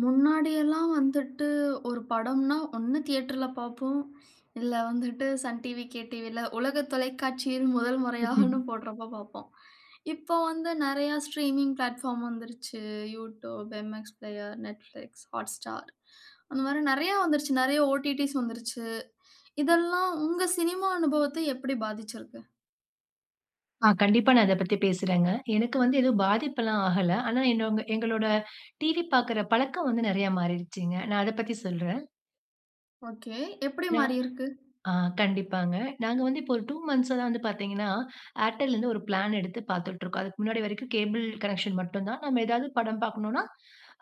முன்னாடி எல்லாம் வந்துட்டு ஒரு படம்ன்னா, ஒண்ணு தியேட்டர்ல பார்ப்போம். இல்ல வந்துட்டு சன் டிவி, கே டிவில உலக தொலைக்காட்சியில் 1 முறையாகன்னு [unintelligible] போடுறப்ப பார்ப்போம். இப்ப வந்து நெறைய ஸ்ட்ரீமிங் பிளாட்பார்ம் வந்துருச்சு. YouTube, MX Player, Netflix, Hotstar அந்த மாதிரி நெறைய வந்துருச்சு. நெறைய OTTஸ் வந்துருச்சு. இதெல்லாம் உங்க சினிமா அனுபவத்த எப்படி பாதிச்சிருக்கு? ஆ, கண்டிப்பா நான் அத பத்தி பேசுறேங்க. எனக்கு வந்து எதுவும் பாதிப்புல்லாம் ஆகல. ஆனா, என்னோ எங்களோட டிவி பார்க்கிற பழக்கம் வந்து நெறைய மாறிடுச்சுங்க. நான் அத பத்தி சொல்றேன். ஒகே. எப்படி நான் மாறியிருக்கு? ஆ கண்டிப்பாங்க. நாங்க வந்து, இப்போ ஒரு 2 மன்த்ஸ்சா தான் வந்து பார்த்தீங்கன்னா, Airtelல இருந்து 1 பிளான் எடுத்து பார்த்துட்டுருக்கோம். அதுக்கு முன்னாடி வரைக்கும் கேபிள் கனெக்ஷன் மட்டுந்தான். நம்ம எதாவது படம் பார்க்ணும்ன்னா,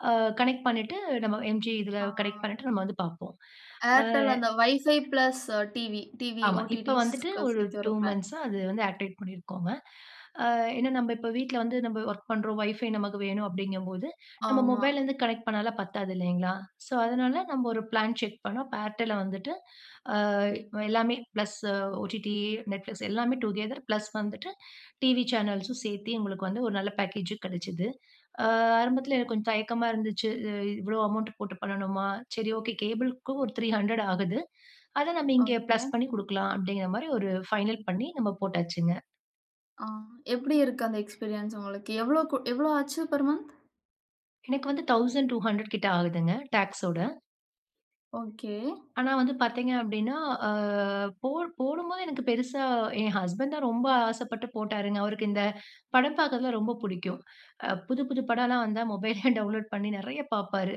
அ கனெக்ட் பண்ணீட்டு, நம்ம எம் ஜி இதில ஆ. கனெக்ட் பண்ணீட்டு நம்ம வந்து பார்ப்போம். அ. Airtel, அந்த வைஃபை ஃபிளஸ் டிவி, டிவி ஆமா. இப்ப வந்துட்டு OTTஸ்க்கு ஒரு சேர்த்து 2 வர பிளான். மன்த்ஸ்சா அது வந்து ஆக்டிவேட் பண்ணியிருக்கோங்க. அ ஏன்னா நம்ப இப்ப வீட்ல வந்து நம்ப ஒர்க் பண்ணுறோம். வைஃபை நமக்கு வேணும். அப்படீங்கம்போது, நம்ம ஆமா. மொபைல்லேருந்து கனெக்ட் பண்ணால்லாம் பத்தாது இல்லைங்களா? ஸோ, அதனால நம்ப 1 பிளான் செக் பண்ணோம். அப்ப Airtelல வந்துட்டு, அ எல்லாமே பிளஸ் OTT, Netflix எல்லாமே டூகெதர் பிளஸ் வந்துட்டு டிவி சேனல்ஸும் சேர்த்தி, உங்களுக்கு வந்து ஒரு நல்ல பேக்கேஜு கெடைச்சது. ஆ ஆரம்பத்தில எனக்கு கொஞ்சம் தயக்கமா இருந்துச்சு. இவ்வளோ அமௌண்ட் போட்டு பண்ணணுமா? சரி ஓகே. கேபிளுக்கும் ஒரு 300 ஆகுது. அத நம்ம இங்க ஒகே. பிளஸ் பண்ணிக் குடுக்கலாம்." அப்படீங்கிறமாரி ஒரு ஃபைனல் பண்ணி, நம்ம போட்டாச்சுங்க. ஆ எப்டி இருக்கு அந்த எக்ஸ்பீரியன்ஸ் உங்களுக்கு எவ்வளோ கு எவ்வளோ ஆச்சு பெர் மந்த்? எனக்கு வந்து 1200 கிட்ட ஆகுதுங்க டாக்ஸ் ஓட. ஒகே. ஆனா வந்து பார்த்தீங்க அப்டின்னா, ஆ போ போடும்போது எனக்கு பெருசா என் ஹஸ்பண்ட் தான் ரொம்ப ஆசப்பட்டு போட்டாருங்க. அவருக்கு இந்த படம் பார்க்குறதுலாம் ரொம்ப புடிக்கும். அ புது புது படம்லாம் வந்தா மொபைலயே டவுன்லோட் பண்ணி நெறைய பாப்பாரு.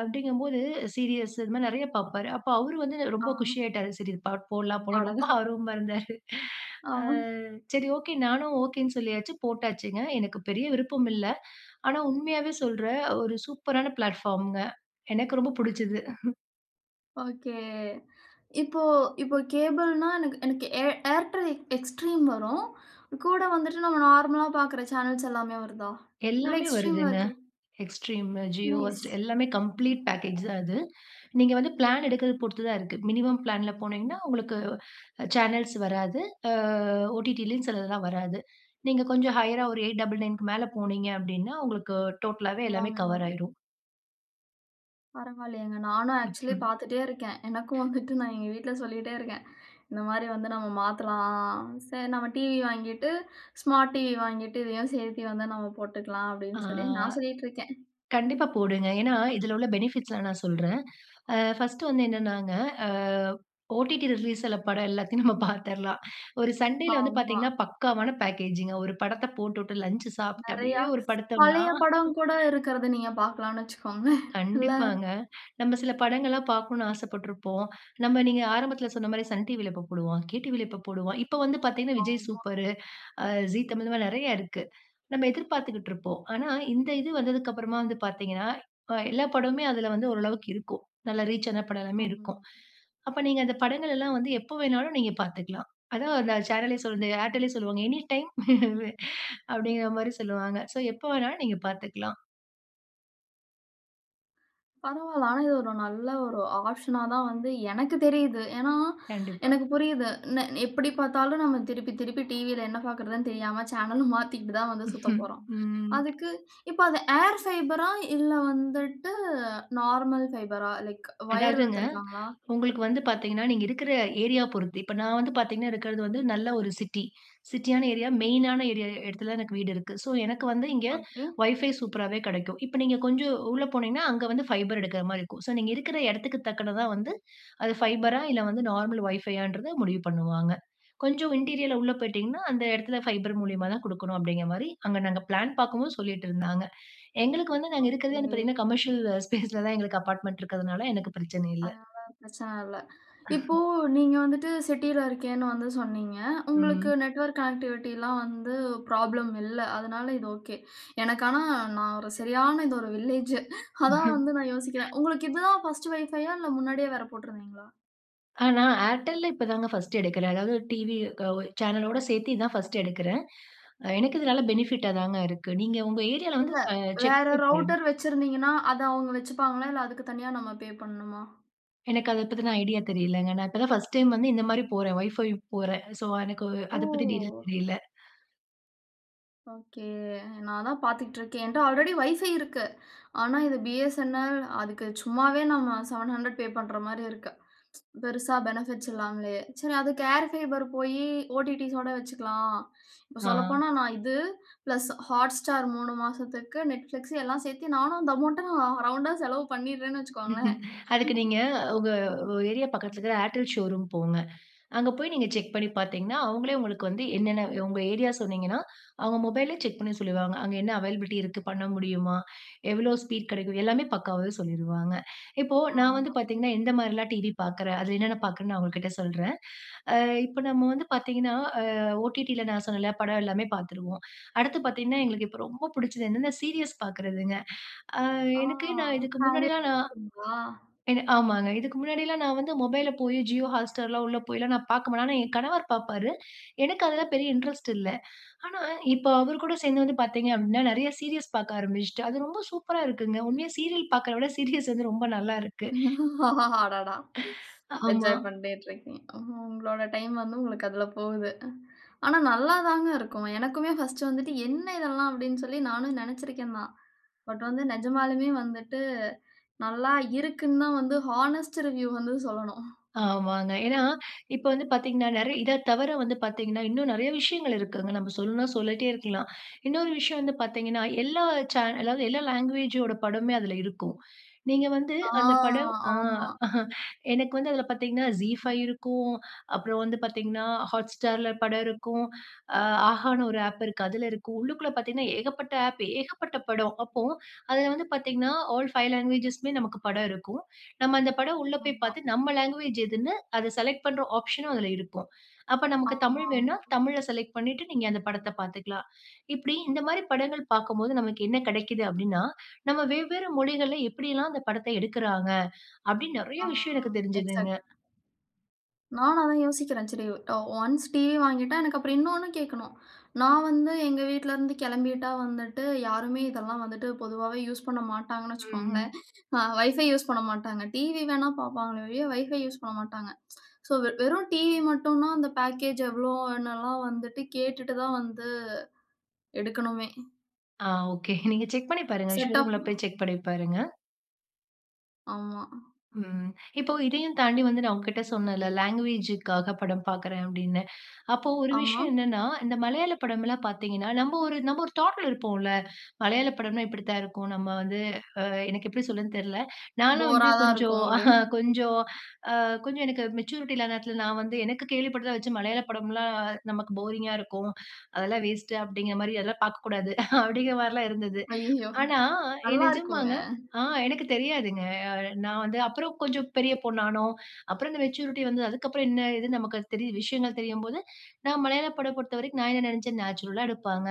அப்டிங்கும்போது சீரியல்ஸ் இது மாரி நெறைய பாப்பாரு. அப்போ அவரு வந்து ஆ. ரொம்ப குஷி ஆயிட்டார் சரி இந் பாட்டு போடலாம் போல ரொம்ப அடடா! ஆர்வமா இருந்தாரு. ஆ. ஆ. சரி, ஓகே நானும் ஓகேன்னு சொல்லியாச்சு போட்டாச்சுங்க. எனக்கு பெரிய விருப்பம் இல்ல ஆனா உண்மையாவே சொல்றேன் ஒரு சூப்பரான பிளாட்பார்ம்ங்க எனக்கு ரொம்ப புடிச்சது. ஒகே. இப்போ இப்போ கேபிள்ன்னா எனக்கு எனக்கு ஏர் Airtel Extreme வரும். கூட வந்துட்டு நம்ம நார்மலா பார்க்குற சேனல்ஸ் எல்லாமே வருதா? இல்ல எல்லாமே Extremeல வருதுங்க இருக்கது Extremeமு Jio நைஸ் Hotstar எல்லாமே ம் கம்ப்ளீட் பேக்கேஜ் தான் அது. நீங்க வந்து பிளான் எடுக்குறத பொறுத்து தான் இருக்கு. மினிமம் பிளான் போனீங்கன்னா உங்களுக்கு சேனல்ஸ் வராது. ஆ ஓடிடிலயும் சிலதெல்லாம் வராது. நீங்க கொஞ்சம் ஹையரா ஒரு 899க்கு மேலே போனீங்க அப்டின்னா உங்களுக்கு டோட்டலாவே எல்லாமே எல்லாமே கவர் வரும். ஆயிரும். பரவாயில்லயேங்க. நானும் ஆக்ஸூலி ம்ஹ்ம். பார்த்துட்டே இருக்கேன். எனக்கும் வந்துட்டு நான் எங்க வீட்ல சொல்லிட்டே இருக்கேன். இந்தமாரி வந்து "நம்ம மாத்தலாம். சரி நம்ம டிவி வாங்கிட்டு ஸ்மார்ட் டிவி வாங்கிட்டு இதையும் சேர்த்தி வந்து நம்ம போட்டுக்கலாம்." ஆ. அப்டின்னு சொல்லி நான் சொல்லிட்டு இருக்கேன். கண்டிப்பா போடுங்க. ஏன்னா, இதில உள்ள பெனிஃபிட்ஸ்லாம் நான் சொல்றேன். ஆ ஃபர்ஸ்ட்டு வந்து என்னனாங்க ஆ ஓடிடி ரிலீஸ்ல படம் எல்லாத்தையும் நம்ம பார்த்திர்லாம். ஒரு சண்டேல வந்து ஆமா. பார்த்தீங்கன்னா, பக்காவான பேக்கேஜி ங்க. ஒரு படத்த போட்டு விட்டு லஞ்ச் சாப்பிட்டு நிறையா அப்பிடியே ஒரு படுத்தம்ன்னா பழைய படம் கூட இருக்கிறத நீங்க பார்க்கலான்னு வச்சிக்கோங்க இல்ல? கண்டிப்பாங்க. நம்ம சில படங்கள்லாம் பார்க்கணும் ஆசப்பட்டுருப்போம். நமம நீங்க ஆரம்பத்தில சொன்னமாரி சன் டிவில எப்போ போடுவான். கே டிவில எப்போ போடுவான்? இப்ப வந்து பார்த்தீங்கன்னா, விஜய் ஆமா. சூப்பர், ஆ ஜீ தமிழ் இந்தமாரி நிறைய இருக்கு. நம்ம எதிர்பார்த்துக்கிட்டு இருப்போம். ஆனா, இந்த இது வந்ததற்கு அப்புறமா வந்து பார்த்தீங்கன்னா, அ எல்லா படமுமே அதில வந்து ஓரளவுக்கு இருக்கும். நல்லா ரீச் ஆன படம் எல்லாமே இருக்கும். ஆமா. அப்ப நீங்க அந்த படங்கள் எல்லாம் வந்து எப்போ வேணாலும் நீங்க பார்த்துக்லாம். அதுதான் அந்த சேனலே சொல்வாங்க ஏர்டெல்லே சொல்லுவாங்க. எனி டைம் ம். அப்பிடிங்கமாரி சொல்லுவாங்க. சோ, எப்போ வேணாலும் நீங்க பார்த்துக்லாம். பரவால்ல. ஆனா இது ஒரு நல்ல ஒரு ஆஃப்ஷனா தான் வந்து எனக்கு தெரியுது. ஏன்னா, கண்டிப்பா. எனக்கு புரியுது. நெ எப்பிடி பார்த்தாலும் நம்ம திருப்பி திருப்பி டிவில என்ன பாக்குறதுன்னு தெரியாம சேனல மாத்திக்கிட்டு தான் வந்து சுத்தப்போறோம். ம். அதுக்கு இப்ப அத ஏர் ஃபைபரா இல்ல வந்துட்டு நார்மல் ஃபைபரா லைக் வயர் அதாவதுங்க. இழுத்துருக்காங்களா? உங்களுக்கு வந்து பார்த்தீங்கன்னா, நீங்க இருக்கிற ஏரியா பொருத்து. இப்ப நான் வந்து பார்த்தீங்கன்னா இருக்கிறது வந்து நல்ல ஒரு சிட்டி. சிட்யான ஏரியா, மெயின் ஆன ஏரியா இடத்தில எனக்கு வீடு இருக்கு. சோ, எனக்கு வந்து இங்கே ஒகே. வைஃபை சூப்பராவே கிடைக்கும். இப்ப நீங்க கொஞ்சம் உள்ளே போனீங்கன்னா, அங்க வந்து ஃபைபர் எடுக்கிற மாரி இருக்கும். சோ, நீங்க இருக்கிற இடத்துக்கு தக்கனா வந்து அது ஃபைபரா! இல்ல வந்து நார்மல் வைஃபை யான்றத முடிவு பண்ணுவாங்க. கொஞ்சம் இன்டீரியரிலா உள்ள போயிட்டீங்கன்னா அந்த இடத்துல ஃபைபர் மூலியமா தான் கொடுக்கணும் அப்பிடிங்கிறமாரி அங்க நாங்க பிளான் பார்க்கும்போது சொல்லிட்டு இருந்தாங்க. எங்களுக்கு வந்து நாங்க இருக்கிறதே வந்து ஓகே. பார்த்தீங்கன்னா, கமர்ஷியல் ஸ்பேஸ் ல தான் எங்களுக்கு அபார்ட்மெண்ட் இருக்கிறதுனால எனக்கு பிரச்சனை இல்ல. அதனால பிரச்சன இல்ல. இப்போ அ. நீங்க வந்துட்டு சிட்டில இருக்கேன்னு வந்து சொன்னீங்க. உங்களுக்கு ம். நெட்வொர்க் கனெக்டிவிட்டி லாம் வந்து ப்ராப்ளம் இல்ல. அதனால இது ஒகே. எனக்கு ஆனா நான் ஒரு சரியான இது ஒரு வில்லேஜ். அதான் வந்து நான் யோசிக்கிறேன். உங்களுக்கு இது தான் ஃபர்ஸ்ட் வைஃபை ஆ இல்ல முன்னாடியே வேற போட்டுருந்தீங்களா? ஆனா, Airtelல இப்பதாங்க ஃபர்ஸ்ட் எடுக்கறேன். அதாவது டிவி க ஒ சேனல் ஓட சேர்த்து இதான் ஃபர்ஸ்ட் எடுக்கறேன். எனக்கு இதனால பெனிஃபிட்ட தாங்க இருக்கு. நீங்க உங்க ஏரியால வந்து இல்ல க செக் வேற பண்ணி பாருங்க. ரூட்டர் வச்சுருந்தீங்கின்னா அத அவங்க வச்சுப்பாங்களா? இல்ல அதுக்கு தனியா நம்ம பே பண்ணனுமா? எனக்கு அத பத்துன ஐடியா [unintelligible] தெரியலங்க. நான் இப்ப தான் ஃபர்ஸ்ட் டைம் வந்து இந்த மாரி போறேன். வைஃபை போறேன். சோ எனக்கு ஓ! அத பத்தி டீடெயில் தெரியல. ஒகே. நான் தான் பார்த்துட்டுருக்கேன். என்ட்ட ஆல்ரெடி வைஃபை இருக்கு. ஆனா இது Bsnl அதுக்கு சும்மாவே நம்ம 700 பே பண்ற மாரி இருக்கு. பெருசா பெனிஃபிட்ஸ் இல்லாம்லயே. சரி அது ஏர் பைபர் போய் ஓடிடிஸ் ஓட வச்சுக்கலாம். இப்ப ஆ. சொல்லப்போனா நான் இது பிளஸ் Hotstar 3 மாசத்துக்கு Netflix எல்லாம் சேர்த்து நானும் அந்த அமவுண்ட்ட நான் ரவுண்டா செலவு பண்ணிறேன் வச்சுக்கோங்களேன். அதுக்கு நீங்க உங்க ஏரியா பக்கத்துல இருக்கற Airtel ஷோரூம் போங்க. அங்க போய் நீங்க செக் பண்ணி பார்த்தீங்கன்னா, அவங்கலே உங்களுக்கு வந்து எனனன்ன உங்க ஏரியா சொன்னீங்கினா அவங்க மொபைல்யே செக் பண்ணி சொல்லுவாங்க. அங்க என்ன அவைலபிலிட்டி இருக்கு பண்ண முடியுமா? எவ்வளோ ஸ்பீட் கடைக்கும். எல்லாமே பக்காவாவே சொல்லிருவாங்க. இப்போ நான் ஆமா. வந்து பார்த்தீங்கன்னா, எந்த மாரிலாம் டிவி பார்க்கறேன். அதில என்னன்ன பார்க்குறேன்னு நான் உங்ககிட்ட சொல்றேன். ஆ இப்ப நம்ம வந்து பார்த்தீங்கன்னா, ஆ ஒடிடில நான் சொன்னேல படம் எல்லாமே பார்த்துருவோம். அடுத்து பார்த்தீங்கன்னா, எங்களுக்கு இப்ப ரொம்ப புடிச்சது என்னென்ன சீரிஸ் பார்க்கறதுங்க. ஆ ஆ,. எனக்கு நான் இதுக்கு முன்னாடிலாம் நான் [unintelligible] என்ன ஆமாங்க. இதுக்கு முன்னாடிலாம் நான் வந்து மொபைல்ல போய் Jio Hotstar எல்லாம் உள்ள போய்லாம் நான் பார்க்க மாட்டேன். ஆனா என் கணவர் பாப்பாரு. எனக்கு அதெல்லாம் பெரிய இன்ட்ரெஸ்ட் இல்ல. ஆனா இப்ப அவரு கூட சேர்ந்து வந்து பார்த்தீங்க அப்டின்னா நெறைய சீரிஸ் பார்க்க ஆரம்பிச்சுட்டேன். அது ரொம்ப சூப்பரா இருக்குங்க. உண்மையா சீரியல் பார்க்குறத விட சீரிஸ் வந்து ரொம்ப நல்லா இருக்கு. அடடா! ஆமா. என்ஜாய் பண்ணிட்டுருக்கிங்க. உங்களோட டைம் வந்து உங்களுக்கு அதுல போகுது. ஆனா நல்லாதாங்க இருக்கும். எனக்குமே ஃபர்ஸ்ட் வந்துட்டு என்ன இதெல்லாம் அப்டின் சொல்லி நானும் நெனைச்சுருக்கேன் தான். பட் வந்து நிஜமாலுமே வந்துட்டு நல்லா இருக்குன்னு தான் வந்து ஹானஸ்ட் ரிவ்யூ வந்து சொல்லணும் ஆமாங்க. ஏனா இப்ப வந்து பார்த்தீங்கன்னா நெறைய இத தவர வந்து பார்த்தீங்கன்னா இன்னும் நெறைய விஷயங்கள் இருக்குங்க. நம்ம சொல்னுனா சொல்லிட்டே இருக்கலாம். இன்னொரு விஷயம் வந்து பார்த்தீங்கன்னா, எல்லா சேனல் அதாவது எல்லா லாங்குவேஜ் ஓட படமே அதுல இருக்கும். நீங்க வந்து ஆ, அந்த படம் ஆ ஆமா. எனக்கு வந்து அதுல பார்த்தீங்கன்னா Zee 5 இருக்கும். அப்புறம் வந்து பார்த்தீங்கன்னா Hotstarல படம் இருக்கும். ஆ Ahaன்னு ஒரு ஆப் இருக்கு அதுல இருக்கும். உள்ளுக்குள்ள பார்த்தீங்கன்னா, ஏகப்பட்ட ஆப் ஏகப்பட்ட படம். அப்போஅதுல வந்து பார்த்தீங்கன்னா ஆல் 5 லாங்குவேஜ்ஸ்மே நமக்கு படம் இருக்கும். நம்ம அந்த படம் உள்ள போய் ஆமா. பார்த்து நம்ம லாங்குவேஜ் எதுன்னு அத செலக்ட் பண்ற ஆப்ஷனும் அதுல இருக்கும். அப்ப நமக்கு தமிழ் ஆமாமா. வேணுனா தமிழ செலக்ட் பண்ணிட்டு நீங்க அந்த படத்த பார்த்துக்கலாம். இப்டி இந்த மாரி படங்கள் பார்க்கும்போது நமக்கு என்ன கடைக்கிது அப்டின்னா, நம்ம வெவ்வேறு மொழிகள்ல எப்டிலாம் அந்த படத்த எடுக்குறாங்க. அப்டின் நெறைய ஆ, விஷயம் எனக்கு தெரிஞ்சுதுங்க. எக்ஸாக்ட் நானும் அதான் யோசிக்கிறேன். சரி ஒன்ஸ் டிவி வாங்கிட்டா எனக்கு அப்புறம் இன்னொனு கேட்கணும் நான் வந்து எங்க வீட்ல இருந்து கிளம்பிட்டா வந்துட்டு யாருமே இதெல்லாம் வந்துட்டு பொதுவாவே யூஸ் பண்ண மாட்டாங்கன் வச்சுக்கோங்களேன். ம். வைஃபை யூஸ் பண்ணமாட்டாங்க. டிவி வேணா பாப்பார்களே ஒழிய WIFI யூசு பண்ணமாட்டாங்க. சோ வெறும் டிவி மட்டும்னா அந்த பேக்கேஜ் எவ்வளோ என்னலாம் வந்துட்டு கேட்டுட்டு தான் வந்து எடுக்கணுமே. ஆ ஓகே. நீங்க செக் பண்ணி பாருங்க. ஷோ செட் ஆஃப் ரூம்ல போய் செக் பண்ணிப்பாருங்க. ஆமா. ம். இப்போ இதையும் தாண்டி ம். வந்து நான் உங்கக்கிட்ட சொன்னேன்ல. லாங்குவேஜ்க்காக படம் பார்க்கிறேன் அப்பிடின்னு. அப்போ ஒரு ஆமா. விஷயம் என்னன்னா, இந்த மலையாள படம்லாம் பார்த்தீங்கன்னா, நம்ம ஒரு, நம்ம ஒரு தாட்ல இருப்போம்ல. மலையாள படம்ன்னா இப்பிடி தான் இருக்கும். நம்ம வந்து அ எனக்கு எப்பிடி சொலறதுன்னு தெரில. நான்லாம் வந்து போரா தான் கொஞ்சம் இருக்கும் ஆஹா! அப்பிடின்னு. கொஞ்சம், அ கொஞ்சம் எனக்கு மேச்சூரிட்டி இல்லாத நேரத்தில நான் வந்து எனக்கு கேள்விப்பட்டத வச்சு மலையாள படம்லாம் நமக்கு போரிங்கா இருக்கும். அதெல்லாம் வேஸ்ட்டு அப்பிடிங்கிறமாரி அதெல்லாம் பார்க்கக்கூடாது அப்பிடிங்கிறமாரிலாம் இருந்தது. அய்யயோ! ஆனா, எ நல்லா இருக்குங்க. நிஜமாங்க. ஆ எனக்கு தெரியாதுங்க. அ நான் வந்து அப்புறம் கொஞ்சம் பெரிய பொண்ணா ஆனோம், அப்புறம் அந்த மேச்சூரிட்டி வந்தது. அதுக்கு அப்புறம் என்ன இது? நமக்கு தெரி விஷயங்கள் தெரியும்போது, நான் மலையாள படம் பொறுத்தவரைக்கும் நான் என்ன நினச்சேன், நேச்சுரலா எடுப்பாங்க.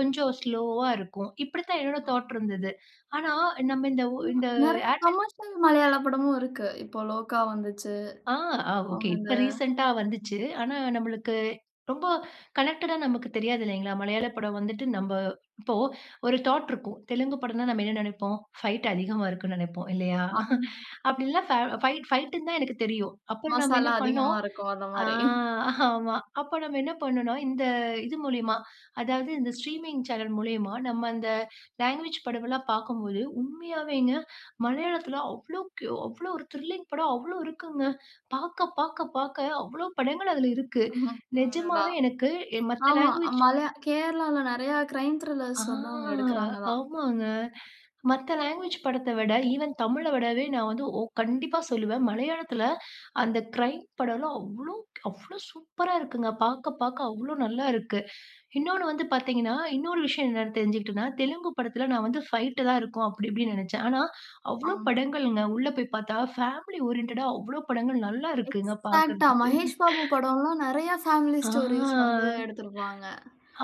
கொஞ்சம் ஸ்லோவா இருக்கும். இப்பிடி தான் என்னோட தாட் ஆமா. இருந்தது. ஆனா, நம்ம இந்த உ அ இந்த நிறைய ஏர்டெல் கமர்ஷியல் மலையாள படமும் இருக்கு. இப்போ லோகா வந்துச்சு. ஆ, அ ஓகே. அவுங்க அந்த இப்ப ரீசென்ட்டா வந்துச்சு. ஆனா நம்மளுக்கு ரொம்ப கனெக்டடா நமக்கு தெரியாது இல்லேங்களா! மலையாள படம் வந்துட்டு நம்ப இப்போ ஒரு தாட் இருக்கும். தெலுங்கு படம்ன்னா, நாம் என்ன நினைப்போம், ஃபைட் அதிகமாக இருக்குன்னு நினைப்போம். இல்லயா? ஆமா. அப்பிடில்லாம் ப ஃபைட் ஃபைட்ன்னு தான் எனக்கு தெரியும். அப்புறம் நம்ம என்ன மசாலா பண்ணோம். அதிகமா இருக்கும். ஆ, அந்தமாரி. ஆமா அப்போ நம்ம என்ன பண்ணணோன்னா, இந்த இது மூலியமா அதாவது இந்த ஸ்ட்ரீமிங் சேனல் மூலியமா நம்ம இந்த லாங்குவேஜ் படம்லாம் பார்க்கும்போது, உண்மையாவேங்க, மலையாளத்தில அவ்ளோக்கு, அவ்ளோ ஒரு த்ரில்லிங் படம் அவ்ளோ இருக்குங்க. பார்க்க, பார்க்க, பார்க்க அவ்ளோ படங்கள் அதில இருக்கு. அடடா! நிஜமாவே எனக்கு எ மத்த ஆமா. லாங்குவேஜ் மல கேரளால நிறையா கிரைம் ஆ த்ரில்லர்ஸ் வந்து அவுங்க எடுக்கிறாங்க தான். ஆமாங்க. மத்த லாங்குவேஜ் படத்த விட, ஈவன் தமிழ விடவே, நான் வந்து ஓ கண்டிப்பா சொல்லுவேன். மலையாளத்தில அந்த க்ரைம் படம்லாம் அவ்ளோ, அவ்ளோ சூப்பரா இருக்குங்க. பார்க்க, பார்க்க அவ்ளோ நல்லா இருக்கு. இன்னொன்னு வந்து பார்த்தீங்கன்னா, இன்னொரு விஷயம் என்னன்னு தெரிஞ்சுகிட்டன்னா, தெலுங்கு படத்தில நான் வந்து ஃபைட் தான் இருக்கும் அப்பிடி, இப்படின்னு நினைச்சேன். ஆனா, அவ்ளோ ஆம். படங்கள்ங்க. உள்ள போய் பார்த்தா, ஃபேமிலி ஓரியன்டடா அவ்ளோ படங்கள் நல்லா இருக்குங்க. எக்ஸாக்ட்டா. பார்க்கறதுக்கு. மகேஷ் பாபு படம்லாம் நிறைய ஆ. ஃபேமிலிஸ் ஸ்டோரீஸ் வந்து எடுத்திருப்பாங்க.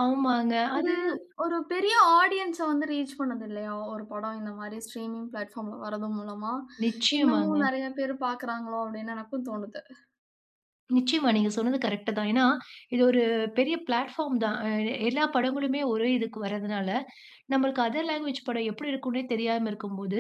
ஆமாங்க. இது அது. ஒரு பெரிய ஆடியன்ஸ வந்து ரீச் பண்ணது இல்லயா? ஒரு படம் இந்தமாரி ஸ்ட்ரீமிங் பிளாட்பார்ம்ல வர்றது மூலமா இன்னமும் நிச்சயமாங்க. நிறைய பேரு பார்க்கிறாங்களோ! அப்பிடின்னு எனக்கும் தோணுது. நிச்சயமா. நீங்க சொன்னது கரெக்ட் தான். ஏன்னா இது ஒரு பெரிய பிளாட்பார்ம் தான். அ எல்லா படங்களுமே ஒரே இதுக்கு வர்றதுனால, நமக்கு அதர் லாங்குவேஜ் படம் எப்படி இருக்கும்ன்னே தெரியாம இருக்கும் போது,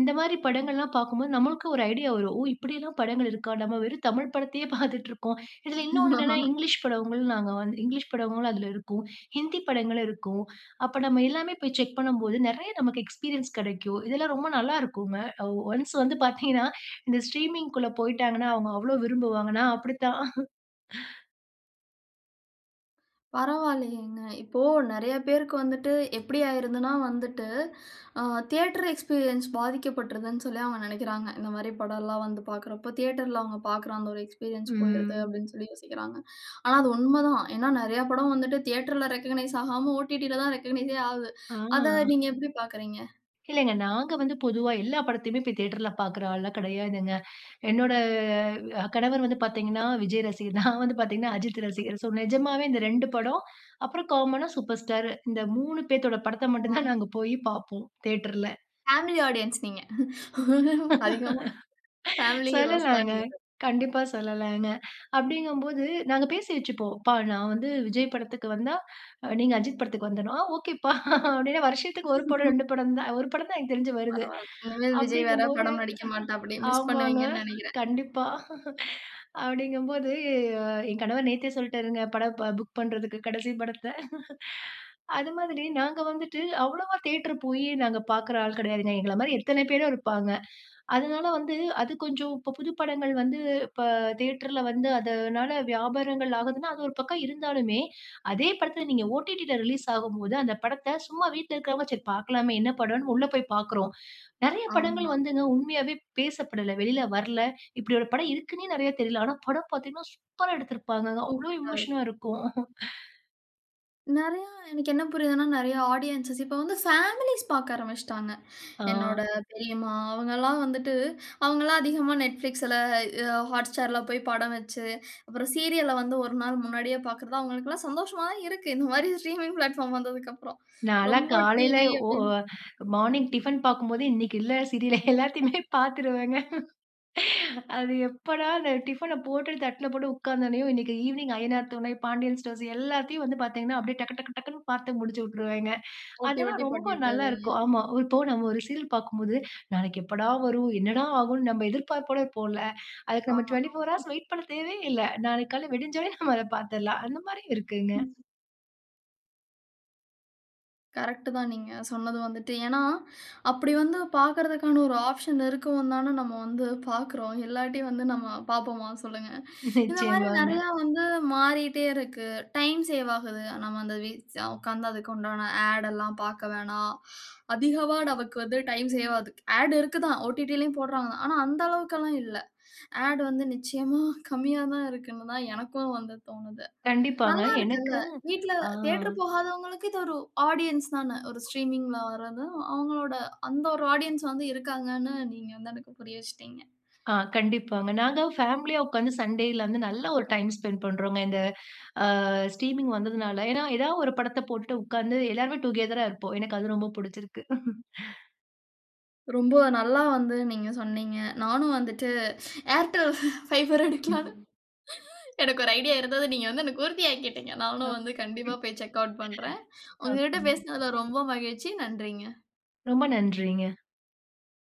இந்த மாதிரி ம். படங்கள்ல்லாம் பார்க்கும்போது, நம்மளுக்கு ஒரு ஐடியா வரும். ஓ! இப்டில்லாம் படங்கள் இருக்கா? நாம் வெறும் தமிழ் படத்தயே பார்த்துட்டுருக்கோம். இதுல இன்னொன்னு என்னன்னா இங்கிலீஷ் படங்களும் நாங்க வந்து இங்கிலீஷ் படங்களும் அதுல இருக்கும். ஹிந்தி படங்களும் இருக்கும். அப்ப நம்ம எல்லாமே போய் செக் பண்ணும்போது, நெறைய நமக்கு எக்ஸ்பீரியன்ஸ் கெடைக்கும். இதெல்லாம் ரொம்ப நல்லா இருக்குங்க. ஒ ஒன்ஸ் வந்து பார்த்தீங்கன்னா, இந்த ஸ்ட்ரீமிங்க்குள்ள போய்ட்டாங்கன்னா, அவங்க அவ்வளவு விரும்புவாங்க, நான் அப்டித்தான். பரவாயில்லையேங்க. இப்போ நெறைய பேருக்கு வந்துட்டு எப்படி ஆயிறதுன்னா வந்துட்டு, அ தியேட்டர் எக்ஸ்பீரியன்ஸ் பாதிக்கப்பட்ருதுன்னு சொல்லி அவங்க நெனைக்கிறாங்க. இந்த மாரி படம்லாம் வந்து பார்க்றப்போ, தியேட்டர்ல அவங்க பார்க்ற அந்த ஒரு எக்ஸ்பீரியன்ஸ் போய்டுது ம். அப்படின்னு சொல்லி யோசிக்கிறாங்க. ஆனா அது உண்மதான். ஏன்னா நெறைய படம் வந்துட்டு தியேட்டர்ல ரெகக்க்னைஸ் ஆகாம ஒடிடில தான் ரெகக்னைஸெ ஆகுது. ஆ. அத நீங்க எப்படி பார்க்கறீங்க? இல்லங்க, நாங்க வந்து பொதுவா எல்லா படத்தயுமே தியேட்டர்ல பார்க்ற ஆள்லாம் கெடையாதுங்க. என்னோட அ கணவர் வந்து பார்த்தீங்கன்னா, விஜய் ரசிகர். நான் வந்து பார்த்தீங்கன்னா, அஜித் ரசிகர். சோ நிஜமாவே இந்த 2 படம். அப்புறம் காமனா, சூப்பர் ஸ்டாரு. இந்த 3 பேத்தோட படத்த ஓ. மட்டும் அ. தான், நாங்க போய் பார்ப்போம் தியேட்டர்ல. பேமிலி ஆடியன்ஸ் நீங்க. அதிகமா பேமிலி ஹீரோஸ் தான் சொல்லலாங்க. நீங்க கண்டிப்பா சொல்லலாங்க. அப்படிங்கும்போது நாங்க பேசி வச்சிப்போம். "ப்பா நான் வந்து விஜய் படத்துக்கு வந்தா, நீங்க அஜித் படத்துக்கு வந்துரனும்". "ஆ ஓகேப்பா!" அப்டின்னு வருஷத்துக்கு 1 படம், 2 படம் தான் 1 தான் எனக்கு தெரிஞ்சு வருது. பரவால்ல. இனிமேல் விஜய் வேற அப்படிங்கும்போது படம் நடிக்க மாட்டாப்டி. மிஸ் ஆமாங்க பண்ணுவீங்கண்ணு நெனைக்கிறேன். கண்டிப்பா. அப்படிங்கும்போது என் கணவர் நேத்தே சொல்லிட்டாருங்க. படம் ப புக் பண்றதுக்கு கடைசி படத்த. அது மாதிரி நாங்க வந்துட்டு அவ்வளவா தியேட்டர் போய் நாங்க பார்க்ற ஆள் கெடையாதுங்க. எங்கள மாதிரி எத்தன பேரோ இருப்பாங்க. அதனால வந்து அது கொஞ்சம் இப்ப புது படங்கள் வந்து, இப்ப தியேட்டர்ல வந்து அதனால, வியாபாரங்கள் ஆகுதுன்னா அது ஒரு பக்கம் இருந்தாலுமே, அதே படத்துல நீங்க ஓடிடி ல ரிலீஸ் ஆகும்போது அந்த படத்த சும்மா வீட்ல இருக்றவங்க சரி பார்க்கலாமே, என்ன படம்ன்னு உள்ளே போய் பார்க்றோம். நெறைய ஆமா. படங்கள் வந்துங்க உண்மையாவே பேசப்படல்ல. வெளியில வரல. இப்படி ஒரு படம் இருக்குன்னே நெறைய தெரியல. ஆனா படம் பார்த்தீங்கன்னா, சூப்பரா எடுத்திருப்பாங்கங்க. அவ்வளவு சூப்பரா இருக்கும். எமோஷனா இருக்கும். நிறைய எனக்கு என்ன புரிதுனா நிறைய ஆடியன்ஸ் இப்போ வந்து பேமிலீஸ் பார்க்க ஆரம்பிச்சிட்டாங்க, ஆ. என்னோட பெரியம்மா அவங்க எல்லாம் வந்துட்டு அவங்கலாம் அதிகமா Netflixல, அ Hotstarல போய் படம் வைச்சு, அப்புறம் சீரியல்ல வந்து 1 நாள் முன்னாடியே பார்க்கறது, அவங்களுக்கெல்லாம் சந்தோஷமா தான் இருக்கு, இந்த மாரி ஸ்ட்ரீமிங் பிளாட்பார்ம் வந்ததுக்கப்புறம், நால்லாம் ரொம்ப காலையில டிவி ஒ ஒ அப்டின் மார்னிங் டிஃபன் பார்க்கும்போது இன்னைக்கு இல்ல சீரியல் எல்லாத்தையுமே பார்த்துருவங்க. அது எப்போடா அந்த டிஃபன போட்டு தட்டில போட்டு உட்கார்ந்தோனேயும், இன்னைக்கு ஈவினிங் அய்யனார் துணை, பாண்டியன் ஸ்டோர்ஸ், எல்லாத்தையும் வந்து பார்த்தீங்கன்னா, அப்படியே டக்கு டக்கு டக்குன்னு பார்த்து முடிச்சுட்டுருவேங்க, ஓட்டி அதெல்லாம் ஓட்டி ரொம்ப பண்ணி தருவீங்க. நல்லாருக்கும், ஆமா இப்போ நம்ம ஒரு சீரியல் பார்க்கும்போது, நாளைக்கு எப்படா வரும்? என்னடா ஆகும்ன்னு, நம்ம எதிர்பார்ப்போட இருப்போம்ல. அதுக்கு ஆ நம்ம 24 ஆமா. ஹார்ஸ் வெயிட் பண்ண தேவையே இல்ல, நாளைக்கு காலையில விடிஞ்சாலே நம்ம அத பார்த்தர்லாம், அந்த மாரியும் இருக்குங்க. கரெக்ட்டு தான் நீங்க சொன்னது வந்துட்டு. ஏனா, அப்படி வந்து பார்க்கிறதற்கான ஒரு ஆப்ஷன் இருக்கவும் தான, நம்ம வந்து பார்க்கிறோம், இல்லாட்டி வந்து நம்ம பார்ப்போமா? சொல்லுங்க. இந்த மாதிரி நிச்சயமாங்க. நிறைய வந்து மாறிட்டே இருக்கு, டைம் சேவ் ஆகுது. நம்ம அந்த வீ உட்கார்ந்து அதுக்கு உண்டான ஆட் எல்லாம் பார்க்க வேணாம், அதிகமா நமக்கு வந்து டைம் சேவ் ஆகுது, ஆட் இருக்குதா, ஒடிடிலயும் போடுறாங்கதா, ஆனா அந்த அளவுக்கல்லாம் இல்ல, ஆட் வந்து நிச்சயமா கம்மியா தான் இருக்குனு தான் எனக்கும் வந்து தோணுது, கண்டிப்பாங்க நல்லா இருக்குல்ல, எனக்கு வீட்டில அ. தியேட்டர் போகாதவங்களுக்கு, இது ஒரு ஆடியன்ஸ் தான? ஒரு ஸ்ட்ரீமிங்ல வரது அவங்களுடைய அந்த ஒரு ஆடியன்ஸ் வந்து இருக்காங்கனு, நீங்க வந்து எனக்கு புரிய வைச்சிட்டீங்க. ஆ, கண்டிப்பாங்க, நாங்க பேமிலியா உட்கார்ந்து, சண்டேல வந்து நல்ல ஒரு டைம் ஸ்பெண்ட் பண்ணுறோங்க, இந்த ஆ ஸ்ட்ரீமிங் வந்ததனால, ஏனா ஏதா ஒரு படத்தை போட்டுட்டு உட்கார்ந்து, எல்லாருமே டுகெதரா இருப்போம், எனக்கு அது ரொம்ப பிடிச்சிருக்கு. ரொம்ப நல்லா வந்து நீங்க சொன்னீங்க, நானும் வந்துட்டு Airtel Fiber எடுக்கலாம்னு, எனக்கு ஒரு ஐடியா இருந்தது, நீங்க வந்து எனக்கு உறுதியாக்கிட்டங்க, [unintelligible] நானும் வந்து கண்டிப்பா போய் செக் ஆட் பண்ணுறேன், உங்ககிட்ட ஓகேங்க. பேசினதுல ரொம்ப மகிழ்ச்சி. நன்றிங்க. ரொம்ப நன்றிங்க.